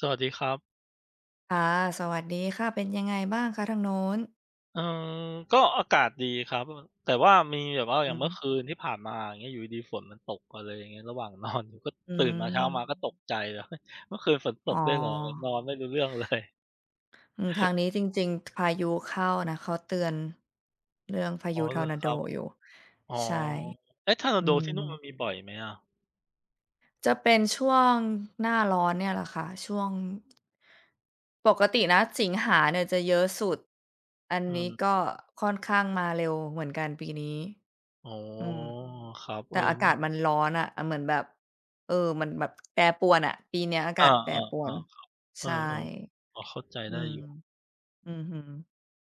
สวัสดีครับ ค่ะ สวัสดีค่ะ เป็นยังไงบ้างคะ? ทางนู้น เออ ก็อากาศดีครับ ว่า แต่ว่ามีแบบว่า ออย่าืงอเมืฮ่ึ อคืนที่ผ่านมา อย่างเงี้ยอยู่ดี ๆ ฝนมันตก อะไรเงี้ย ระหว่าง นอน อยู่ ก็ อืตื่นมาเช้ามาม ก็ตกใจเลย เฮ้ย เมื่อคืนฝนตอ๋กด้วยเหรอ? อะไร นอ อนไม่รู้เรื่อง เลย อืม ทางนี้จริง ๆ ท พายุเข้านะ เขาเตือนเรื่องพาอ๋ยุอ ทเหอรรอ์นาคโดรับ อยู่ อ๋อ ใช่ เอ๊ะ ทอร์นาอืโดที่นู่น มัม นมีบ่อยไหมอะ? จะเป็นช่วงหน้าร้อนเนี่ยล่ะค่ะ ช่วง ปกตินะสิงหาเนี่ยจะเยอะสุด อันอืนี้ ก็ม ค่อนข้างมาเร็วเหมือนกันปีนี้ อ๋อ อืม ครับ เแอต่อ อาไมกา่ ศมันร้อนอะ เหมือนแบบ เออ มันแบบแปรปรวนน่ะ ปีนี้อาเอกอ าศแปรปๆ รๆ ควรัน บ เอใชอ ่ ๆ พอเข้าใจอืได้ม อยู่ อือฮึ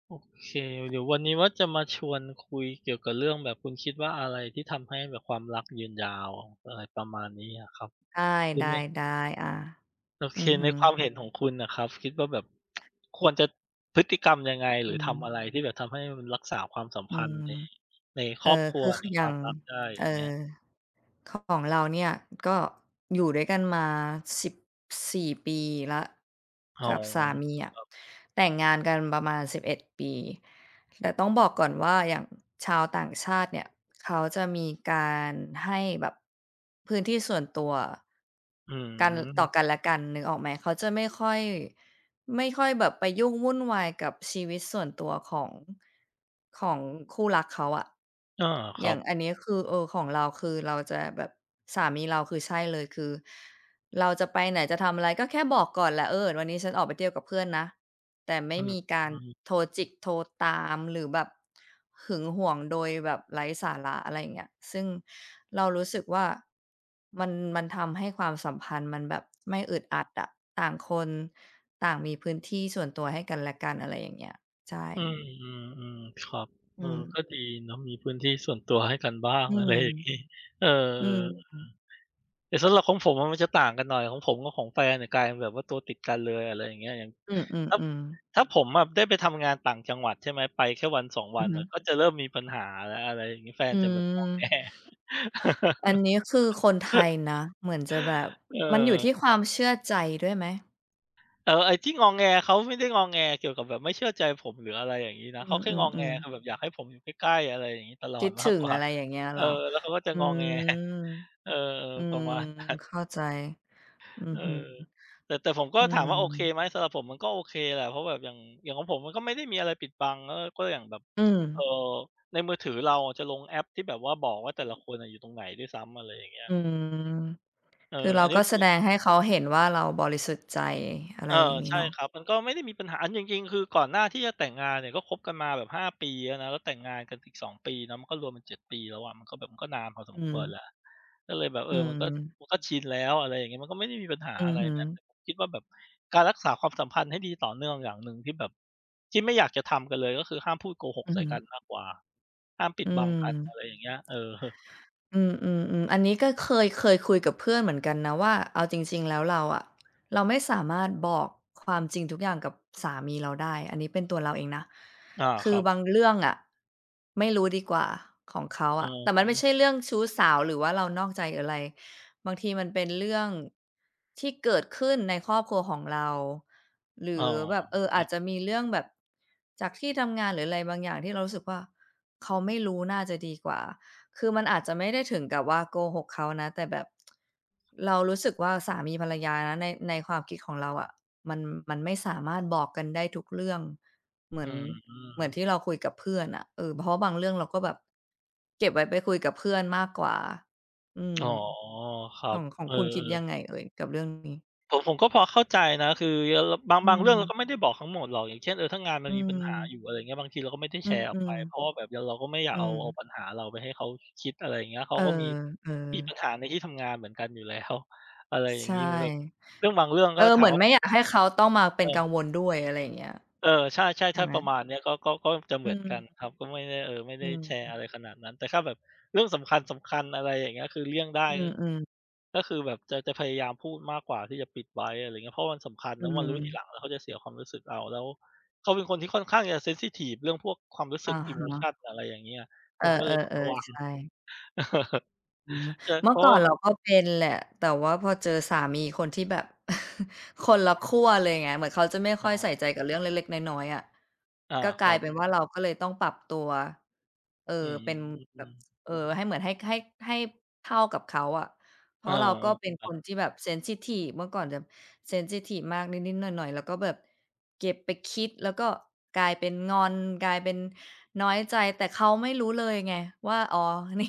โอเค เดี๋ยววันนี้ ว่าจะมาชวนคุยเกี่ยวกับเรื่องแบบคุณคิดว่า อะไรที่ทำให้แบบความรักยืนยาว อะไรประมาณนี้อะครับ ได้ คือมัน ๆ ๆ อา โออเค ือฮในึ ความเห็นของคุณน่ะครับ คิดว่าแบบ ควรจะพฤติกรรมยังไง? หอรืือทำอะม ไร? ที่แบบทำให้มันรักษาความสัมอพืันธ์ใน ม ในคเอ่รอบอ ครัคว ือ คในืออคยว่าาง มรักได้ อเยอ่่างเงี้ย อ ข ของเราเนี่ย ก็อยู่ด้วยกันมา 14 ปีแล้วอ๋อ กับสามีอะ ครับ แต่งงานกันประมาณ 11 ปี แต่ต้องบอกก่อนว่า อย่างชาวต่างชาติเนี่ย เขาจะมีการให้แบบพื้นที่ส่วนตัวอืกัน ตม ่อกันและกันนึกออกไหม เขาจะไม่ค่อย ไม่ค่อยแบบไปยุ่งวุ่นวายกับชีวิตส่วนตัวของ ของคู่รักเขาอะ อา คอรยั่าบ งอันนี้ คือ เออ ของเรา คือเราจะแบบ สามีเรา คือใช่เลย คือเราจะไปไหน จะทำอะไร ก็แค่บอกก่อนแหละ เออ วันนี้ฉันออกไปเที่ยวกับเพื่อนนะ แต่ไมอื่มีการม โทรจิก โทรตาม หรือแบบหึงหวง โดยแบบไร้สาระ อะไรอย่างเงี้ย ซึ่งเรารู้สึกว่ามัน มันทำให้ความสัมพันธ์ มันแบบไม่อึดอัดอะ ต่างคน ต่างมีพื้นที่ส่วนตัวให้กันและกัน อะไรอย่างเงี้ย ใช่ อืม ๆ ๆ ครับ อเอือ ม ก็ดีเนาะ มีพื้นที่ส่วนตัวให้กันบ้าง อือะไรม อย่างงี้ เออ อืม อือ แต่สำหรับของผมอะ มันจะต่างกันหน่อย ของผมกับของแฟนเนี่ย กลายเป็นแบบว่าตัวติดกันเลย อะไรอย่างเงี้ย อย่างอือ อถ้า ืม ๆ ถ้าผมอะ ได้ไปทำงานต่างจังหวัด ใช่ไหม ไปแค่วัน 2 วอืันอฮนึ ่ะ ก็จะเริ่มมีปัญหาแล้ว อะไรอย่างงี้ แฟอนืจะแบบงอ แง ม อันนี้ คือ คนไทยนะ เหมือนจะแบบ เออ มันอยู่ที่คควรัาบ มเชื่อใจด้วยไหม? แต่ว่าไอ้ที่งอแง เขาไม่ได้งอแงเกี่ยวกับแบบไม่เชื่อใจผม หรืออะไรอย่างงี้นะ อืเขาแค่งอแง ม ๆ ๆ คือแบบอยากให้ผมอยู่ใกล้ ๆ อะไรอย่างงี้ ตลอคิดดมถาึกง กว่า อะไรอย่างเงี้ยเเอหรอ อ? แล้วเขาก็จะ อืงอแง ม เออ อืประม มาณ นั้น เข้าใจ อืเอออ ฮึ แต่ แต่ผมก็อืถามว่าโอเคม ไหม สำหรับผมมันก็โอเคแหละ เพราะแบบ อย่าง อย่างของผม มันก็ไม่ได้มีอะไรปิดบัง เออ ก็อย่างแบบ อืเอ่อ ม ในมือถือเราจะลงแอปที่แบบว่าบอกว่า แต่ละคนอะอยู่ตรงไหนด้วยซ้ำ อะไรอย่างเงี้ย อืม เออ คือเราอันนี้ก็คแสือ ดงให้เขาเห็นว่า เราบริสุทธิ์ใจ อะไรเออ อย่างงี้ใช่เนาะ ครับ มันก็ไม่ได้มีปัญหา อันจริง ๆ คือก่อนหน้าที่จะแต่งงานเนี่ย ก็คบกันมาแบบ 5 ปีแล้วนะ แล้วแต่งงานกันอีก 2 ปีนะ มันก็รวมกัน 7 ปีแล้วอะ มันก็แบบมันก็นานพอสอมืควรเม ลย ก็เลยแบบ เออือ มันก็ ม มันก็ชินแล้ว อะไรอย่างเงี้ย มันก็ไม่ได้มีปัญหาอือะอไรฮึ นะ คิดว่าแบบการรักษาความสัมพันธ์ให้ดีต่อเนื่องอย่างหนึ่งที่แบบ ที่ไม่อยากจะทำกันเลย ก็คือห้ามพูดโกหกอืใอส่ฮึ กันมากกว่า ห้ามปิอดืบังกัน อม ะไรอย่างเงี้ย เออ อืม ๆ ๆ อันนี้ก็ เคย เคยคุยกับเพื่อนเหมือนกันนะว่า เอาจริง ๆ แล้วเราอะ เราไม่สามารถบอกความจริงทุกอย่างกับสามีเราได้ อันนี้เป็นตัวเราเองนะ อา คคืรอับ บางเรื่องอะ ไม่รู้ดีกว่า ของเขาออะะ แต่มฮันไม่ะ ใช่เรื่องชู้สาว หรือว่าเรานอกใจอะไร บางทีมันเป็นเรื่องที่เกิดขึ้นในครอบครัวของเรา หรอื๋อ อแบบ เออ ครอัาจบ จะมีเรื่องแบบจากที่ทำงาน หรืออะไรบางอย่าง ที่เรารู้สึกว่า เขาไม่รู้น่าจะดีกว่า คือมันอาจจะไม่ได้ถึงกับว่า โกหกเขานะ แต่แบบ เรารู้สึกว่า สามีภรรยานะ ใน ในความคิดของเราอะ มัน มันไม่สามารถบอกกันได้ทุกเรื่อง เหมือือน เหมือนม ที่เราคุยกับเพื่อนอะ เออ เพราะว่าบางเรื่องเรา ก็แบบเก็บไว้ไปคุยกับเพื่อนมากกว่า อือม ๋อ ครัขบ อง ขอเงออ คุณคิดยัๆ งไงเอ่ยกับเรื่องนี้? ผม ผมก็พอเข้าใจนะ คือเยอ เลอ บาง อืบางเรื่องเรากม ็ไม่ได้บอกทั้งหมดหรอก อย่างเช่น เออ ถ้างานมอัืนมีปัญหาม อยู่ อะไรเงี้ย บางทีเราก็ไม่ได้อแืชร์ออกไป ม เพๆ ราะว่าแบบเดี๋ยว เราก็ไม่อยอากืเอา เอาม ปัญหาเราไปให้เขาคิด อะไรเงี้ย เขเาออ ก็มี เออ มีปัญหาในที่ทำงานเหมือนกันอยู่แล้ว อะไรอย่ใชาง่ งี้ เหมือนแบบเรื่องบางเรื่องเอก็ อ ถเาหมืมอวน่า ไม่อยากให้เขาต้องมาเปเอ็นอ กังวล ด้วย อะไรอย่างเงี้ย เออ ใช่ ใชๆ ่ถ้าไหม? ประมาณเนี้ย ก็ ก็ ก็จะเหอมืือนม กันครับ ก็ไม่ได้ เออ ไม่ไอดื้ม แชร์อะไรขนาดนั้น แต่ถ้าแบบเรื่องสำคัญ ๆ อะไรอย่างเงี้ย คือเลี่ยงได้อืก็ ม ๆ ก็คือแบบจะ จะพยายามพูดมากกว่าที่จะปิด ไว้ อะไรเงี้ย เพราะมันสำคัญ อแืล้วมารู้ทีหม ลังแล้วเขาจะเสียความรู้สึกเอา แล้วเขาเป็นคนที่ค่อนข้าง จะ เซนซิทิฟ เรื่องพวกความรู้สอึะก อีฮโมชะ ัน อะไรอย่างเงี้ย เอผอ มก็เลยต้องระวๆ ัง ๆ ใช่ อืม เจอ เมืเ่พอรากะ่วอ่านแบบ เราก็เป็น แหละ แต่ว่าพอเจอสามี คนที่แบบ คนละขั้วเลยไง เหมือนเขาจะไม่อค๋่อยใส่อ ใจกับเรื่องเล็ก ๆ น้อย ๆ อะ อ่า ก็กคลรัายบ เป็นว่า เราก็เลยต้องปรับตัว เออ อืเป็นแบบ ม เออ ให้เหมือน ให้ ให้ ให้เท่ากับเขาอะ เพเอราอ ะว่าเราก็เป็นครัคบ นที่แบบ เซนซิทิฟ เมื่อก่อนจะ เซนซิทิฟ มาก นิด ๆ หน่อย ๆ เราก็แบบเก็บไปคิด แล้วก็กลายเป็นงอน กลายเป็นน้อยใจ แต่เขาไม่รู้เลยไงว่า อ๋อ นี่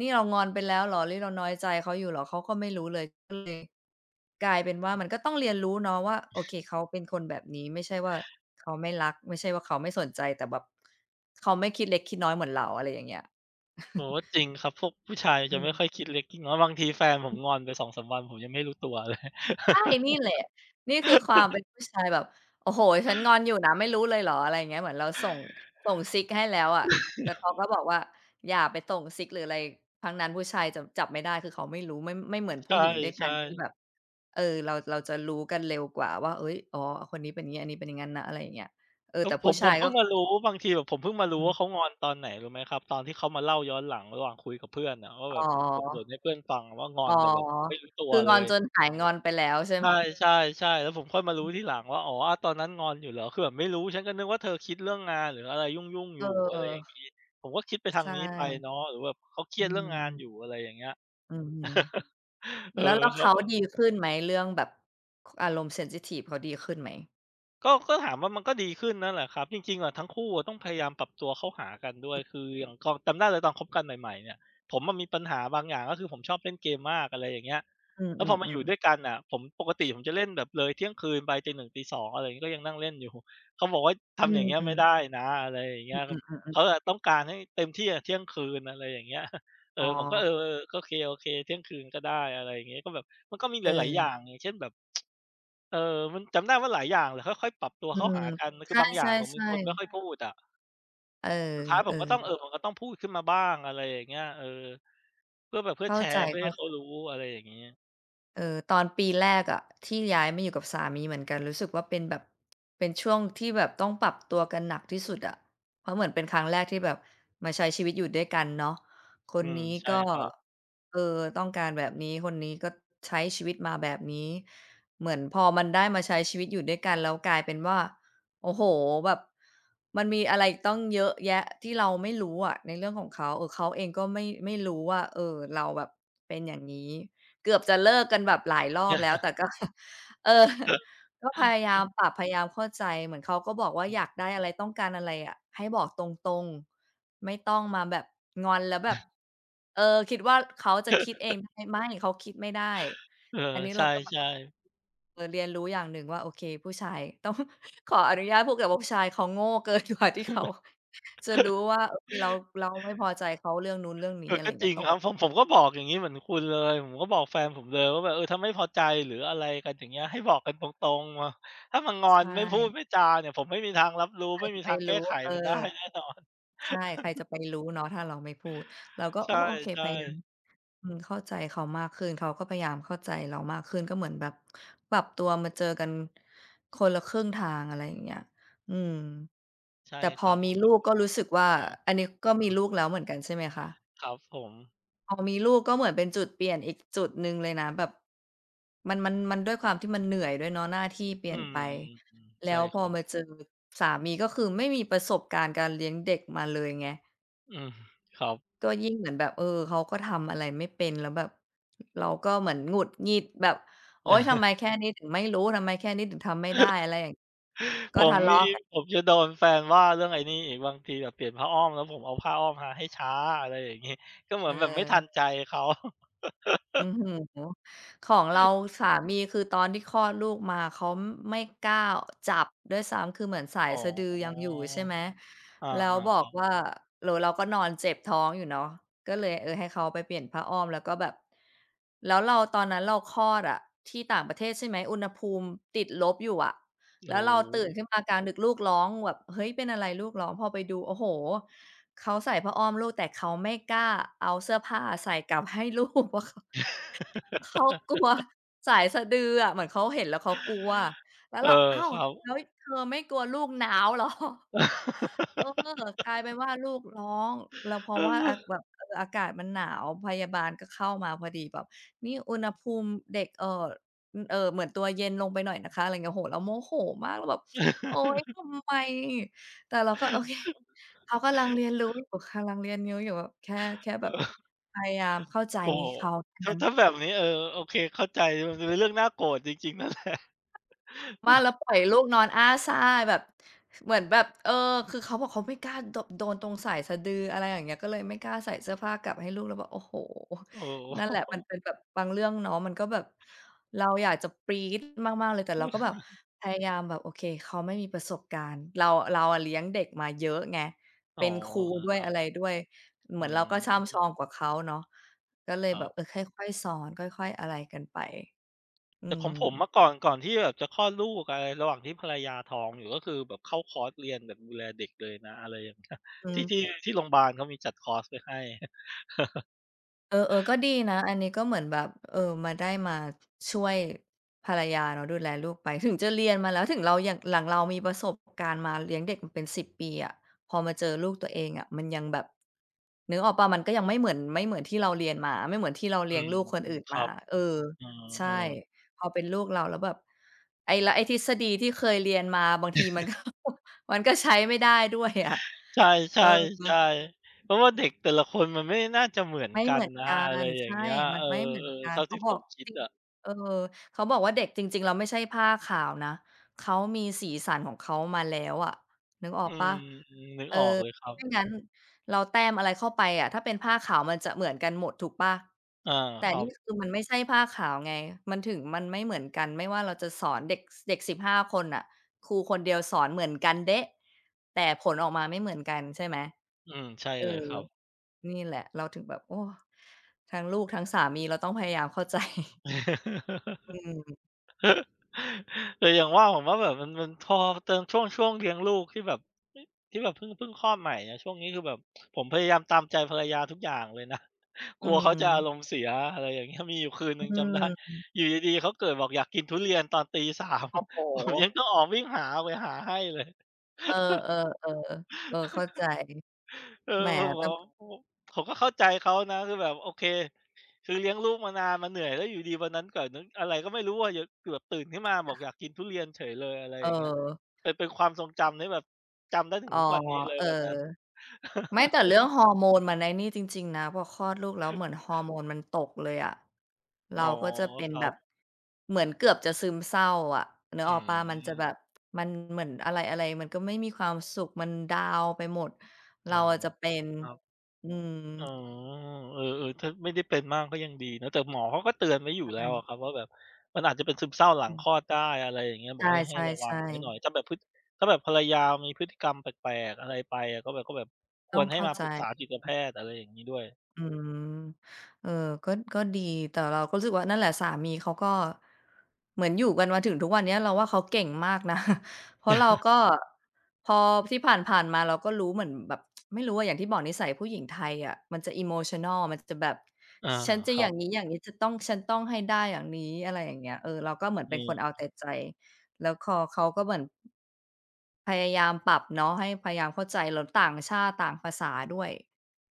นี่เรางอนไปแล้วเหรอ นี่ เราน้อยใจเขาอยู่เหรอ เขาก็ไม่รู้เลย ก็เลยกลายเป็นว่า มันก็ต้องเรียนรู้เนาะว่า โอเค เขาเป็นคนแบบนี้ ไม่ใช่ว่า เขาไม่รัก ไม่ใช่ว่าเขาไม่สนใจ แต่แบบ เขาไม่คิดเล็กคิดน้อยเหมือนเรา อะไรอย่างเงี้ย โอ้โฮ จริงครับ พวกผู้ชายอจืะไม่ม ค่อยคิดเล็กคิดน้อย บางทีแฟนผอมืม งอนไป 2-3 วัน ผมยังไม่รู้ตัวเลย ใช่ นี่แหละ นี่คือความเป็นผู้ชายแบบ โอ้โฮ ฉันงอนอยู่นะ ไม่รู้เลยเหรอ? อะไรเงี้ย เหมือนเราส่ง ส่งซิกให้แล้วอะ แต่เขาก็บอกว่า อย่าไปส่งซิกหรืออะไรทั้งนั้น ผู้ชายจะจับไม่ได้ คือเขาไม่รู้ ไม่ ม ไม่เหมือนใผู้หญิงด้วยกชัน่ ที่ๆ แบบ เออ เรา เราจะรู้กันเร็วกว่าว่า เฮ้ย อ๋อ คนนี้เป็นงี้ ไอ้นี้เป็นอย่างงั้นนะ อะไรอย่างเงี้ย เออ เออ แต่ผผู้ม ชผามยเพกิ็ ่งมารู้ บางทีแบบผมเพิ่งมารู้อืว่า ม เขางอน ตอนไหนรู้ไหมครับ? ตอนที่เขามาเล่าย้อนหลังระหว่างคุยกับเพื่อนน่ะ ว่าอแ๋บบ เออ บ่น อ ๆ ให้เพื่อนฟังว่า งออน ๋อ แต่แบบไม่รู้ตัควือเลงอนย จนหายงอนไปแล้ว ใช่ไใหม? ช่ ๆ ๆ แล้วผมค่อยมารู้ทีหลังว่า อ๋อ อะ ตอนนั้นงอนอยู่เหรอ? คือแบบไม่รู้ ฉันก็นึกว่า เธอคิดเรื่องงานหรืออะไรยุ่ง ๆ เออยูอ ่ อะไรอย่างงี้ ผมก็คิดไปทาช ใชง่ นี้ไปเนาะ หรือแบบเขาเครอีืยดเรื่องงานม อยู่ อะไรอย่างเงี้ย อือฮึ เออ แล้ว แล้วเขเขาาก็ ดีขึ้นไหม? เรื่องแบบ อารมณ์ เซนซิทิฟ เขาดีขึ้นไหม? ก็ ก็ถามว่า มันก็ดีขึ้นนั่นแหละครับ จริง ๆ อะทั้งคู่อะต้องพยายามปรับตัวเข้าหากันด้วย คืออย่างตอน จำได้เลยตอนคบกันใหม่ ๆ เนี่ย ผมอะมีปัญหาบางอย่าง ก็คือผมชอบเล่นเกมมาก อะไรอย่างเงี้ย อืแล้วพอมาอยูอ ่ๆ ด้ๆ วยกันอะ ผม ปกติผมจะเล่นแบบเลยเที่ยงคืนไป ตี 1 ตี 2 อะไรอย่างเงี้ย ก็ยังนั่งเล่นอยู่ เขาบอกว่า ทอำอย่างเงืี้ยไม่ม ได้นะ อะไรอย่างเงอีื้ยครัอ บ ๆ เๆ ขๆ าอะต้องการให้เต็มที่อะเที่ยงคืน อะไรอย่างเงี้ย เออ๋อ ผมก็ เออ อ ๆ ก็โอเค ๆ เที่ยงคืนก็ได้ อะไรอย่างเงี้ย ก็แบบ มันก็มีหลาย ๆ อยเออ ่าง อย่างเช่น แบบ เออ มันจำได้ว่าหลายอย่างเลยค่อย ๆ ปรับตัวอืเข้าหม ากัน คใชือบางอย่างผมเป็น่ คนไมๆ ่ๆ ค่อยพูดอะ เออ สุดท้ายเผออ มก็ต้อง เอ่อ ผมก็ต้องพูดขึ้นมาบ้าง อะไรอย่างเงี้ย เออ เพื่อแบบ เพื่เอข้แาชใจ ร์ เพื่อให้เขาๆ รู้ อะไรอย่างงี้ เออ ตอนปีแรกอะ ที่ย้ายมาอยู่กับสามีเหมือนกัน รู้สึกว่าเป็นแบบ เป็นช่วงที่แบบต้องปรับตัวกันหนักที่สุดอะ เพราะเหมือนเป็นครั้งแรกที่แบบมาใช้ชีวิตอยู่ด้วยกันเนาะ คอืนม นี้ใช่ก็ ครับ เออ ต้องการแบบนี้ คนนี้ก็ใช้ชีวิตมาแบบนี้ เหมือนพอมันได้มาใช้ชีวิตอยู่ด้วยกัน แล้วกลายเป็นว่า โอ้โฮ แบบ มันมีอะไรตั้งเยอะแยะที่เราไม่รู้อะ ในเรื่องของเขา เออ เขาเองก็ไม่ ไม่รู้ว่า เออ เราแบบเป็นอย่างงี้ เกือบจะเลิกกันแบบหลายรอบแล้ว แต่ ก็ เออ ก็พยายามปรับพยายามเข้าใจ เหมือนเขาก็บอกว่าออยากได้ืม อะไร ต้องการอะไรอะ ให้บอกตรง ๆ ไม่ต้องมาแบบ งอนแล้วแบบ เออ คิดว่าเขาจะคิดเองได้ ไม่ เขาคิดไม่ได้เออ อันนี้ใเชราก็แบบ ่ ๆ เออ เรียนรู้อย่างหนึ่งว่าโอเค ผู้ชาย ต้อง ขออนุญาตพูดก่อนว่า ผู้ชายเขาโง่ เกินกว่าที่เขา จะรู้ว่า โอเค เรา เราไม่พอใจเขาเรื่องนู้นเรื่องนีเ้ ออ อะไรก็อย่างเจงี้ริย งต้อง ครับ ผม ผมก็บอกอย่างงี้เหมือนคุณเลย ผมก็บอกแฟนผมเลยว่าแบบ เออ ถ้าไม่พอใจ หรืออะไรกันอย่างเงี้ย ให้บอกกันตรง ๆ มา ถ้ามางอใชนไม่พู่ ดไม่จาเนี่ย ผมไม่มีทางรับรู้ ใครไม่จมะีไทปางแกรู้้ ไขเออ มันได้ แน่นอน ใช่ ใครจะไปรู้เนาะ ถ้าเราไม่พูดเราก็ ใชโอ่ ้ โอเค ใชพยายาม ่ อืม เข้าใจเขามากขึ้น เขาก็พยายามเข้าใจเรามากขึ้น ก็เหมือนแบบปรับตัวมาเจอกันคนละครึ่งทาง อะไรอย่างเงี้ย อืม ใช่แต่พคอรับ มีลูกก็รู้สึกว่า อันนี้ก็มีลูกแล้วเหมือนกันใช่ไหมคะ? ครับผม พอมีลูกก็เหมือนเป็นจุดเปลี่ยนอีกจุดหนึ่งเลยนะ แบบ มัน มัน มันด้วยความที่มันเหนื่อยด้วยเนาะ หน้าที่เปลีอ่ืยนม ไป แลใช่้วพครอับ มาเจอสามี ก็คือไม่มีประสบการณ์การเลี้ยงเด็กมาเลยไง อืม ครับ ก็ยิ่งเหมือนแบบ เออ เขาก็ทำอะไรไม่เป็น แล้วแบบเราก็เหมือนหงุดหงิดแบบ โอ๊ย! ทำไมแค่นี้ถึงไม่รู้ ทำไมแค่นี้ถึงทำไม่ได้ อะไรอย่าง กผ็ทมะเลมาี ะกัน ผมจะโดนแฟนว่า เรื่องไอ้นี่อีก บางทีแบบเปลี่ยนผ้าอ้อม แล้วผมเอาผ้าอ้อมมาให้ช้า อะไรอย่างงี้ ก็เหมือนแบบไม่ทันเออ ใจเขา โอ้โฮ ของเราสามี คือตอนที่คลอดลูกมา เขาไม่กล้าจับด้วยซ้ำ คือเหมือนสายอ๋อ สะดือยังอยู่ ใช่ไหม อา แล้วบๆ อคกรับ ว่า หรือเราก็นอนเจ็บท้องอยู่เนาะ ก็เลย เออ ให้เขาไปเปลี่ยนผ้าอ้อม แล้วก็แบบ แล้วเราตอนนั้นเราคลอดอะที่ต่างประเทศ ใช่ไหม อุณหภูมิติดลบอยู่อะ แโลอ้ว้เราตื่นโฮ ขึ้นมากลางดึก ลูกร้องแบบ เฮ้ย! เป็นอะไรลูกร้อง พอไปดู โอ้โฮ เขาใส่ผ้าอ้อมลูก แต่เขาไม่กล้าเอาเสื้อผ้าใส่ กลับให้ลูกอะค่ะ เขากลัวสายสะดืออะ เหมือนเขาเห็น แล้วเขากลัว แล้วเอเรอ า อ้าว! ครัแลบ ้วเธอไม่กลัวลูกหนาวเหรอ เออ กลายเป็นว่าลูกร้อง แล้วเพราเะว่า อา ออ แบบ เออ อากาศมันหนาว พยาบาลก็เข้ามาพอดี บอกนี่อุณหภูมิเด็ก เอ่อ เอ่อ เหมือนตัวเย็นลงไปหน่อยนะคะ ไรเงี้ย โอ้โฮ เราโมโหมาก เราแบบ โอ๊ย ทำไม แต่เราก็โอเค เขากำลังเรียนรู้อยู่ กำลังเรียนรู้อยู่ แค่ แค่แบบเออ พยายามเข้าใจโอ้โฮ เขา แค่ถ้นา ั้ถ้น าแบบนี้ เออ โอเค เข้าใจ มันเป็นเรื่องน่าโกรธจริง ๆ นั่นแหละ บ้า แล้วปล่อยลูกนอนอ้าซ่าแบบเหมือนแบบ เออ คือเขาบอกเขาไม่กล้า โด โดนตรงสายสะดือ อะไรอย่างเงี้ย ก็เลยไม่กล้าใส่เสื้อผ้ากลับให้ลูก เราแบบ โอ้โฮ โอ้โฮ นั่นแหละมันเป็นแบบบางเรื่องเนาะ มันก็แบบเราอยากจะปรี๊ดมาก ๆ เลย แต่เราก็แบบพยายามแบบ โอเค เขาไม่มีประสบการณ์ เรา เราอะเลี้ยงเด็กมาเยอะไง อ๋เปอ ็นครูเออ ด้วคย รัอะบ ไรด้วย อเหืมือนเราก็ช่ำชม องกว่าเขาเนาะ ก็เลยครแับบ บ เออ ค่อย ๆ สอน ค่อย ๆ อะไรกันไป อืแต่ของผมเมม ื่อก่อน ก่อนที่แบบจะคลอดลูกอะไร ระหว่างที่ภรรยาท้องอยู่ ก็คือแบบเข้าคอร์สเรียนแบบดูแลเด็กเลยนะ อะไรอย่างเงี้ย อืที่ ทม ี่ ที่โรงพยาบาลเขามีจัดคอร์สไว้ให้ เออ ๆ ก็ดีนะ อันนี้ ก็เหมือนแบบ เออ มาได้มาช่วยภรรยา แล้วดูแลลูกไป ถึงจะเรียนมาแล้ว ถึงเรา หลังเรามีประสบการณ์มาเลี้ยงเด็กเป็น 10 ปีอะ พอมาเจอลูกตัวเองอะ มันยังแบบ นึกออกเปล่า มันก็ยัง ไม่เหมือน ไม่เหมือนที่เราเรียนมา ไม่เหมือนที่เราเอลีื้ยงม ลูกคนอื่นๆ คมรา ับ เออ เอใช่ อ ๆ พอเป็นลูกเราแล้วแบบ ไอ้ แล้วไอ้ทฤษฎีที่เคยเรียนมาบางที มันก็ มันก็ใช้ไม่ได้ด้วยอะ ใชเออ ่ ๆ ๆ เพราะว่าเด็กแต่ละคนมันไม่น่าจะเหมือนไม่กัเหมนือนนะ กัอะไรน อย่ใชาง่ เงี้ย มเัอนอ ไม่เหมือนกๆ ัเทน ่าเขทีา่บผอก มคิดอะ เออ เขาบอกว่า เด็กจริง ๆ แล้วไม่ใช่ผ้าขาวนะ เขามีสีสันของเขามาแล้วอะ นึกอออืกเปลม ่า? นึกเออ ออกเลยครับ ไม่งั้นเราแต้มอะไรเข้าไปอะ ถ้าเป็นผ้าขาว มันจะเหมือนกันหมดถูกเปล่า? อา แต่ครันีบ ่คือ มันไม่ใช่ผ้าขาวไง มันถึงมันไม่เหมือนกัน ไม่ว่าเราจะสอนเด็ก เด็ก 15 คนน่ะ ครูคนเดียวสอนเหมือนกันเด๊ะ แต่ผลออกมาไม่เหมือนกัน ใช่ไหม อืม ใช่เอเลยอ ครับ นี่แหละเราถึงแบบ โอ้ ทั้งลูกทั้งสามีเราต้องพยายาม เข้าใจ อืม แต่อย่างว่า ผมว่าแบบ มัน มันพอเติม ช่วง ช่วงเลี้ยงลูก ที่แบบ เอ๊ะ ที่แบบ เพิ่ง เพิ่งคลอดใหม่อะ ช่วงนี้คือแบบผมพยายามตามใจภรรยาทุกอย่างเลยนะ อกืลัวเขาจะอาม รมณ์เสีย อะไรอย่างเงี้ย มีอยู่คืนหอนึ่งืจำได้ ม อยู่ดี ๆ เขาเกิดบอก อยากกินทุเรียน ตอน 03:00 โอ้โผมยฮ ังต้องออกวิ่งหาไปหาให้เลย เออ ๆ ๆ เออ เข้าใจ เออ แหม มันบแต่ อก ผมก็เข้าใจเขานะ คือแบบ โอเค คือเลี้ยงลูกมานานมันเหนื่อย แล้วอยู่ดี ๆ วันนั้นก่อน นึกอะไรก็ไม่รู้อะ ยังเกือบตื่นขึ้นมาบคอ่กอะ ยากกินทุเรียนเฉยเลย อะไรอย่างเงี้ย เออ เป็น เป็นความทรงจำที่แบบจำได้ถึงอ๋อ ทุกวันนี้เลย เออ วันนั้น ไม่ แต่เรื่องฮอร์โมน มันไอ้นี่จริง ๆ นะ พอคลอดลูกแล้ว เหมือนฮอร์โมนมันตกเลยอะ เอรา๋อ ก็จะเป็คนรัแบบ บ เหมือนเกือบจะซึมเศร้าอะ นึอกืออกเปล่า มันจะแบม บมันเหมือนอะไร ๆ ก็ไม่มีความสุข มันดาวน์ไปหมด เรอ๋าอ อะจะเป็น ครับ อือ๋อ ม เออ ๆ ถ้าไม่ได้เป็นมาก ก็ยังดีเนาะ แต่หมอเขาก็เตือนไว้อยู่แใลช้ว่ อะครับว่า แบบมันอาจจะเป็นซึมเศร้าหลัองคืม ลอดได้ อะไรอย่างเงี้ย บใอก ให้ ใหช้ ระวัง่ ไว้หๆ นๆ ่อย ถ้าแบบ พฤติ ถ้าแบบภรรยามีพฤติกรรมแปลก ๆ อะไรไปอะ ก็แบบ ก็แบบคต้วองรใหเ้ข้ามาใจ ปรึกษาจิตแพทย์ อะไรอย่างงี้ด้วย อืม เออ ก็ ก็ดี แต่เราก็รู้สึกว่า นั่นแหละ สามีเขาก็เหมือนอยู่กันมาถึงทุกวันเนี้ยเราว่า เขาเก่งมากนะ เพราะเราก็ พอที่ผ่าน ๆ มาเราก็รู้เหมือนแบบ ไม่รู้อะ อย่างที่บอกนิสัยผู้หญิงไทยอะ มันจะ Emotional มันจะแบบอา ฉันจะครอยั่าบ งงี้ ๆ จะต้อง ฉันต้องให้ได้อย่างนี้ อะไรอย่างเงี้ย เออ เราก็เหมือนอืเป็นคม นเอาแต่ใจ แล้วคอเขาก็เหมือน พยายามปรับเนาะ ให้ พยายามเข้าใจ แล้วต่างชาติต่างภาษาด้วย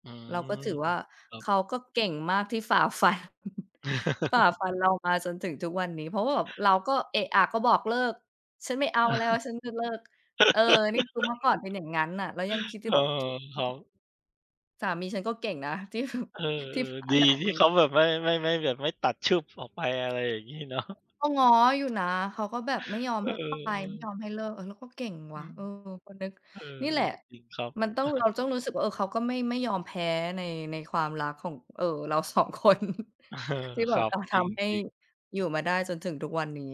อืเราก็ถม ือว่า ครับ เขาก็เก่งมากที่ฝ่าฟัน ฝ่าฟันเรามาจนถึงทุกวันนี้ เพราะว่าแบบเราก็เอะอะก็บอกเลิก ฉันไม่เอาแล้ว ฉันจะเลิก เออ นี่คือเมื่อก่อนเป็นอย่างงั้นน่ะ เรายังคิดอเยูอ่อ แบบ โอค้รัโฮ บ สามีฉันก็เก่งนะ ที่แบบ เออ ที่ฝ่ๆ าดีด่านที่มา เขาแบบ ไม่ ไม่ ไม่แบบไม่ตัดฉึบออกไป อะไรอย่างงี้เนาะ ก็ง้ออยู่นะ เขาก็แบบไม่ยอมก็ ให้เอไป ไอ ม่ๆ ยอมให้เลิก เราก็เก่งอวื่ะ ม เออ ก็นึกเออ นี่แหละ จริงครับ มันต้อง เราต้องรู้สึกว่า เออ เขาก็ ไม่ ไม่ยอมแพ้ ใน ในความรักของ เออ เรา 2 คน เออ ที่แคบรบับ จะทจรำให้ิง ๆ อยู่มาได้จนถึงทุกวันนี้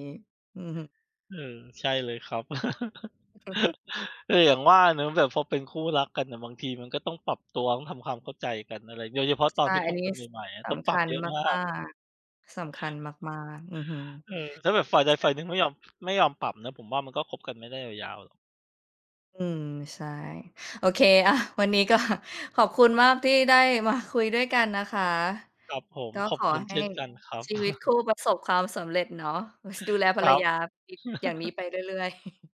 อืม เออ ใช่เลยครับ เออ ๆ แต่อย่างว่าเนาะ แบบพอเป็นคู่รักกันอะ บางทีมันก็ต้องปรับตัว ต้องทำความเข้าใจกันอะไร โดยเฉพาะตอใชน่ ที่คอันบนี้ กันใส หม่ ๆ อะ สต้องปำครับัญเยอะมามก าก ๆ สำคัญมาก ๆ อือฮึ เออ แล้วแบบฝ่ายใดใชฝ่ ่ายหนึ่ง ไม่ยอม ไม่ยอมปรับนะ ผมว่ามันก็คบกันไม่ได้ยาว ๆ หรอก อืม ใช่ โอเค อา วันนี้ก็ ขอบคุณมากที่ได้มาคุยด้วยกันนะคะ ครับผม ก็ขอขบอคุณใหเช้่นกันครับ ชีวิตคู่ประสบความสำเร็จเนาะ ส ดูแลภครรรับ ยา อย่างนี้ไปเรื่อย ๆ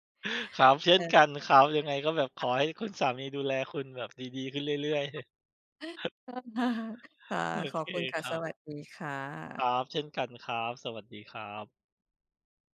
ครับ เช่เนกออ ันครับ ยังไงก็แบบขค่ะ อให้คุณสามีดูแลคุณแบบดี ๆ ขึ้นเรื่อย ๆ [unintelligible] เพิ่มฮา ค่ะ โอขเอคบคุณค่คะ รัสบ วัสดีค่คระ ับ เช่นกันครับ สวัสดีครับ